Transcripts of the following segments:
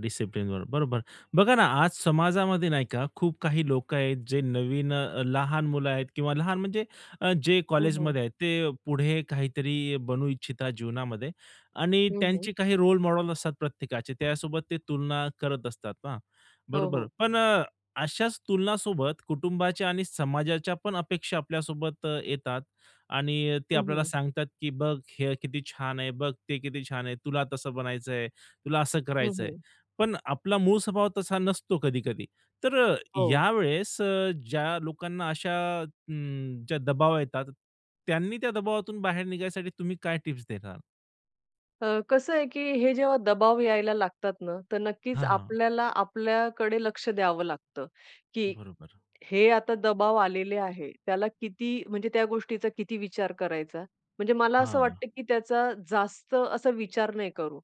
डिसिप्लिनवर बरोबर. बघा ना, आज समाजामध्ये नाही का, खूप काही लोकं आहेत जे नवीन अ, लहान मुलं आहेत किंवा लहान म्हणजे अ, जे हो, हो. कॉलेजमध्ये आहेत. ते पुढे काहीतरी बनू इच्छिता जीवनामध्ये आणि हं, हं. त्यांचे काही रोल मॉडेल असतात प्रत्येकाचे. त्यासोबत ते तुलना करत असतात हां हो, बरोबर. हो. पण अ, अशाच तुलनासोबत कुटुंबाच्या आणि समाजाच्या पण अपेक्षा आपल्यासोबत येतात आणि ते हं, आपल्याला हं. सांगतात की "बघ हे किती छान आहे. बघ ते किती छान आहे. तुला तसं बनायचंय. तुला असं हं, करायचंय." हं. पण आपला मूळ स्वभाव तसा नसतो कधी-कधी. तर अ, हो. यावेळेस अ, ज्या लोकांना अशा अ, ज्या दबाव येतात त्यांनी त्या दबावातून बाहेर निघायसाठी तुम्ही काय टिप्स देणार? अ, कसं आहे, की हे जेव्हा दबाव यायला लागतात ना, तर नक्कीच हां, हां. आपल्याला आपल्याकडे लक्ष द्यावं लागतं, की बरोबर. हे आता दबाव आलेले आहे. त्याला किती म्हणजे त्या गोष्टीचा किती विचार करायचा? म्हणजे मला असं हां. वाटतं, की त्याचा जास्त असा विचार नाही करू.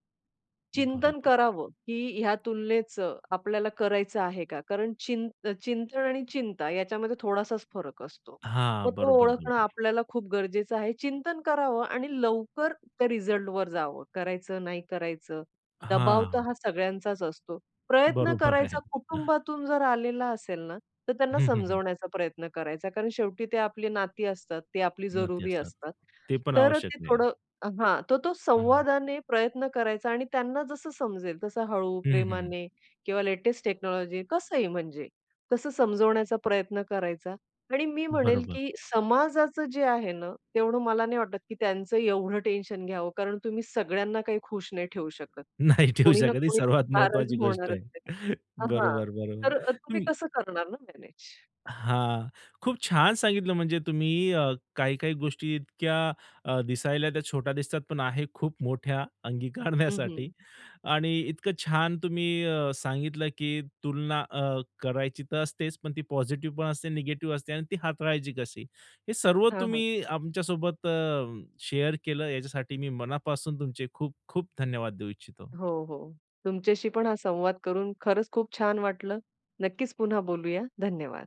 चिंतन बरोबर. करावं की या तुलनेचं आपल्याला करायचं आहे का? कारण चि चिंतन आणि चिंता याच्यामध्ये थोडासाच फरक असतो. हां. मग तो बरोबर, ओळखणं बरोबर. आपल्याला खूप गरजेचं आहे. चिंतन करावं आणि लवकर त्या रिझल्टवर जावं. करायचं, नाही करायचं. दबाव तर हां. हा सगळ्यांचाच असतो प्रयत्न बरोबर करायचा. आहे. कुटुंबातून जर आलेला असेल ना, तर त्यांना हं, हं, हं. समजावण्याचा प्रयत्न करायचा. कारण शेवटी ते आपली नाती असतात. ते आपली नाती जरुरी असतात. असतात. ते पण तर आवश्यक ते आहे. थोडं हां. तर तो हां. संवादाने प्रयत्न करायचा आणि त्यांना जसं समजेल तसं हळू, हं, हं, हं, हं. प्रेमाने किंवा लेटेस्ट टेक्नॉलॉजी कसं ही म्हणजे. तसं समजवण्याचा प्रयत्न करायचा आणि मी म्हणेल, बरोबर. की समाजाच जे आहे ना, तेवढं मला नाही वाटत, की त्यांचं एवढं टेन्शन घ्यावं. कारण तुम्ही सगळ्यांना काही खुश नाही ठेवू शकत. नाही ठेऊ कोणी ना शकत. ही कोणी सर्वात नाराज महत्वाची गोष्ट होणारच आहे. आहे. हां बरोबर, बरोबर. तर ते तुम्ही कसं करणार ना मॅनेज? हां, खूप छान सांगितलं म्हणजे तुम्ही. अ, काही, काही गोष्टी इतक्या अ, दिसायला त्या छोट्या दिसतात, पण आहे खूप मोठ्या हं, हं. अंगीकारण्यासाठी आणि इतकं छान तुम्ही अ, सांगितलं, की तुलना अ, करायची तर असतेच पण ती पॉझिटिव्ह पण असते निगेटिव्ह असते आणि ती हाताळायची कशी. हे सर्व हां, हां. तुम्ही आमच्यासोबत अ, शेअर केलं. याच्यासाठी मी मनापासून तुमचे खूप, खूप धन्यवाद देऊ इच्छितो. हो, हो. तुमच्याशी पण हा संवाद करून खरंच खूप छान वाटलं. नक्कीच पुन्हा बोलूया. धन्यवाद.